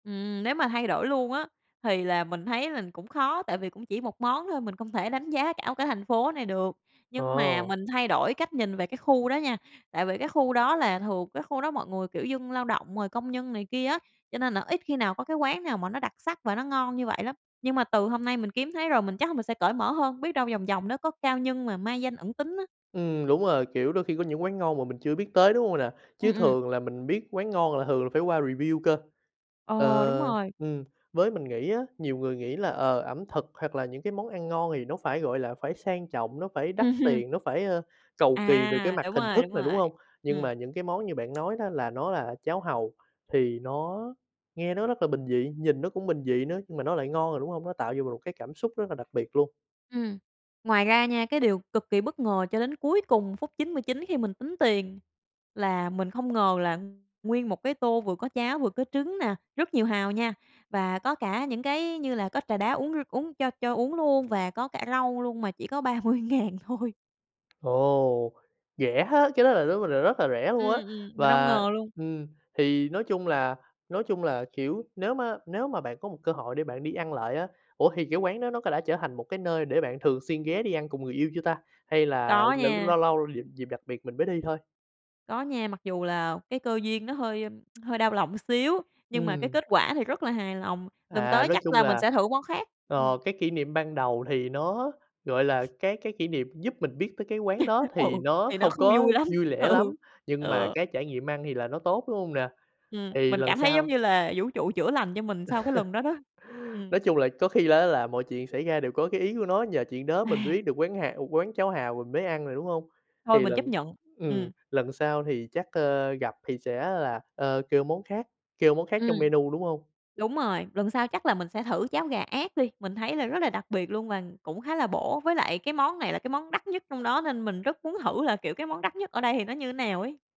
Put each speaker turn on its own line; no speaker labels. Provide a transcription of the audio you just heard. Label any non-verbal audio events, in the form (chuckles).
Ừm, nếu mà thay đổi luôn á thì là mình thấy là cũng khó, tại vì cũng chỉ một món thôi, mình không thể đánh giá cả cái thành phố này được.
Ờ.
Nhưng mà mình thay đổi cách nhìn về cái khu đó nha, tại vì cái khu đó là thường cái khu đó mọi người, kiểu, dân lao động rồi công nhân này kia á, cho nên là ít khi nào có cái quán nào mà nó đặc sắc và nó ngon như vậy lắm, nhưng mà từ hôm nay mình kiếm thấy rồi mình chắc là mình sẽ cởi mở hơn, biết đâu vòng vòng nó có cao nhân mà mai danh ẩn tính á.
Ừm, đúng rồi, kiểu, đôi khi có những quán ngon mà mình chưa biết tới, đúng hông nè? Chứ
Ừm, ừm.
thường là mình biết quán ngon là thường phải qua review cơ.
Ờ, đúng
Ờ,
rồi.
ừm, với mình nghĩ á, nhiều người nghĩ là, ờ, ẩm thực hoặc là những cái món ăn ngon thì nó phải, gọi là, phải sang trọng, nó phải đắt
Ừm.
tiền, nó phải, ơ, cầu kỳ về cái
À,
mặt
đúng
hình
rồi,
thức
đúng
này, đúng
rồi,
hông? Nhưng
ừm.
mà những cái món như bạn nói đó, là nó là cháo hàu thì nó nghe nó rất là bình dị, nhìn nó cũng bình dị nữa nhưng mà nó lại ngon rồi, đúng hông? Nó tạo cho mình một cái cảm xúc rất là đặc biệt luôn.
Ừm, ngoài ra nha, cái điều cực kỳ bất ngờ cho đến cuối cùng phút 99 khi mình tính tiền là mình không ngờ là nguyên một cái tô vừa có cháo vừa có trứng nè, rất nhiều hàu nha, và có cả những cái như là có trà đá uống r uống cho cho uống luôn và có cả rau luôn mà chỉ có 30.000 thôi.
Ồ, rẻ thế! Cái đó là đối với mình là rất là rẻ
Ừm,
luôn á,
ừm, mình hông
và
ngờ luôn.
ừm, thì nói chung là nói chung là, kiểu, nếu má nếu mà bạn có một cơ hội để bạn đi ăn lại á ủa, thì cái quán đó nó đã trở thành một cái nơi để bạn thường xuyên ghé đi ăn cùng người yêu chưa ta, hay là
Có
lấu
nha.
lâu lâu dịp dịp đặc biệt mình mới đi thôi?
Có nha, mặc dù là cái cơ duyên nó hơi (tsk) hơi đau lòng một xíu, nhưng mà cái
Ừm.
kết quả thì rất là hài lòng. Lần
À,
tới
nói
chắc
chung
là mình
là,
sẽ thử món khác, ừm.
ờ, cái kỷ niệm ban đầu thì nó, gọi là,
(chuckles)
cái cái kỷ niệm giúp mình biết tới cái quán đó
(laughs)
thì
Ừ,
nó
thì nó
không
không
có
vui lắm,
vui lẻ
ừ,
lắm, nhưng mà
ừ.
cái trải nghiệm ăn thì là nó tốt, đúng hông nè?
Ừm,
Thì
mình
lần
cảm thấy giống
sau
như là vũ trụ chữa lành cho mình sau cái lần đó đó.
(laughs)
Ừm.
Nói chung là có khi đó là mọi chuyện xảy ra đều có cái ý của nó, nhờ chuyện đó mình mới
(sighs)
biết được quán hà quán cháo hàu mình mới ăn rồi, đúng không?
Thôi
Thì
mình chấp
lần
nhận,
ừm,
ừm.
lần sau thì chắc, ờ, gặp thì sẽ là, ơ, kêu món khác kêu món khác
Ừm.
trong menu, đúng hông?
Đúng rồi, lần sau chắc là mình sẽ thử cháo gà ác đi, mình thấy là rất là đặc biệt luôn và cũng khá là bổ. Với lại cái món này là cái món đắt nhất trong đó nên mình rất muốn thử là, kiểu, cái món đắt nhất ở đây thì nó như nào ấy.